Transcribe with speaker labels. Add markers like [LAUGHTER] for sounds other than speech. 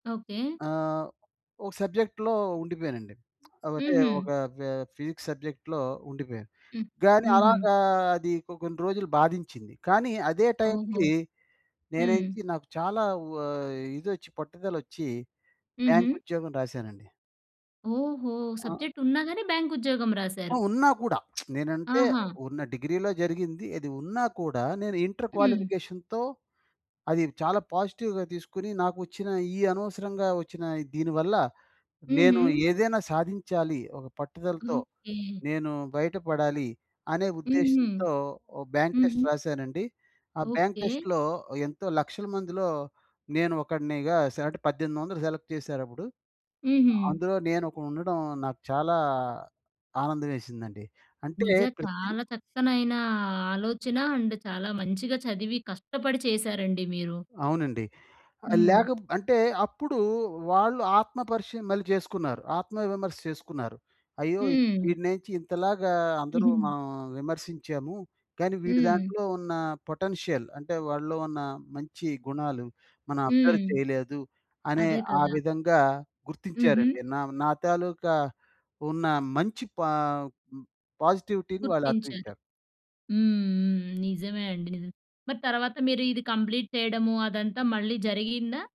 Speaker 1: Okay.
Speaker 2: ఆహ్, ఒక సబ్జెక్ట్‌లో ఉండిపోయానండి. [SMACKS LIPS] అంటే, ఒక
Speaker 1: హుహు.
Speaker 2: ఫ ఫిజిక్స్ సబ్జెక్ట్‌లో ఉండిపోయాను,
Speaker 1: హ్మ్.
Speaker 2: కానీ
Speaker 1: హుహు.
Speaker 2: అలాగా అది కొ కొన్ని రోజులు బాధించింది, కానీ అదే
Speaker 1: ఓహో!
Speaker 2: టైమ్‌కి
Speaker 1: హ్మ్.
Speaker 2: నేనెచ్చి, నాకు చాలా వ ఇదొచ్చి, పట్టుదలొచ్చీ బ్యాంక్
Speaker 1: హుహు.
Speaker 2: ఉద్యోగం రాశానండి.
Speaker 1: ఓహో!
Speaker 2: ఆ!
Speaker 1: సబ్జెక్ట్ ఉన్నా గానీ బ్యాం‌కుద్యోగం
Speaker 2: ఆ!
Speaker 1: రాశారు.
Speaker 2: ఉన్నా కూడా. [SMACKS LIPS] నేనంటే,
Speaker 1: ఆహా!
Speaker 2: ఉన్న డిగ్రీలో జరిగింది. అది ఉన్నా కూడా నేను ఇంటర్
Speaker 1: హ్మ్.
Speaker 2: క్వాలిఫికేషన్‌తో అది చాలా పాజిటివ్‌గా తీసుకుని, నాకొచ్చిన ఈ అనవసరంగా ఒచ్చిన దీని వల్ల నేను
Speaker 1: హుహు.
Speaker 2: ఏదైనా సాధించాలి ఒక పట్టుదలతో,
Speaker 1: ఓకే.
Speaker 2: నేను బయటపడాలి అనే
Speaker 1: హుహు.
Speaker 2: ఉద్దేశ్యంతో ఓ బ్యాంక్
Speaker 1: హుహు.
Speaker 2: టెస్ట్ రాశానండి. ఆ బ్యాంక్
Speaker 1: ఓకే.
Speaker 2: టెస్ట్‌లో ఎంతో లక్షల మందిలో, నేను ఒకడినిగా సె అంటే, 1800 సెలెక్ట్ చేసారప్పుడు.
Speaker 1: హుహు.
Speaker 2: అందులో నేనొకడు ఉండడం నాకు చాలా ఆనందవేసిందండి. అంటే,
Speaker 1: నిజ
Speaker 2: ప్రతి
Speaker 1: చాలా చక్కనైనా ఆలోచన అండ్ చాలా మంచిగా చదివి కష్టపడి చేశారండి మీరు.
Speaker 2: అవునండి. ఆహ్,
Speaker 1: హ్మ్.
Speaker 2: లేక బ్ అంటే, అప్పుడూ వాళ్ళు ఆత్మ పరీక్ష మళ్ళీ చేసుకున్నారు. ఆత్మ విమర్శ చేసుకున్నారు. అయ్యో!
Speaker 1: హ్మ్.
Speaker 2: ఈడినేంచి ఇంతలాగా అందరూ
Speaker 1: హుహు.
Speaker 2: మనం విమర్శించాము, కానీ వీడి
Speaker 1: హ్మ్.
Speaker 2: దాంట్లో ఉన్న పొటెన్షియల్ అంటే, వాడిలో ఉన్న మంచి గుణాలు మనం అబ్జర్వ్
Speaker 1: హ్మ్.
Speaker 2: చెయలేదు అనే
Speaker 1: అదే
Speaker 2: ఆ
Speaker 1: కదా!
Speaker 2: విధంగా
Speaker 1: హుహు.
Speaker 2: గుర్తించారండి. నా నా తాలూకా ఉన్న మంచి పా హ్మ్. పాజిటివిటీని వాళ్ళు
Speaker 1: గుర్తించారు.
Speaker 2: అర్థించారు.
Speaker 1: హ్మ్. హ్మ్. నిజమే అండి. నిజమే. మరి తర్వాత మీరు ఇది కంప్లీట్ చెయడము, అదంతా మళ్ళీ జరిగిందా?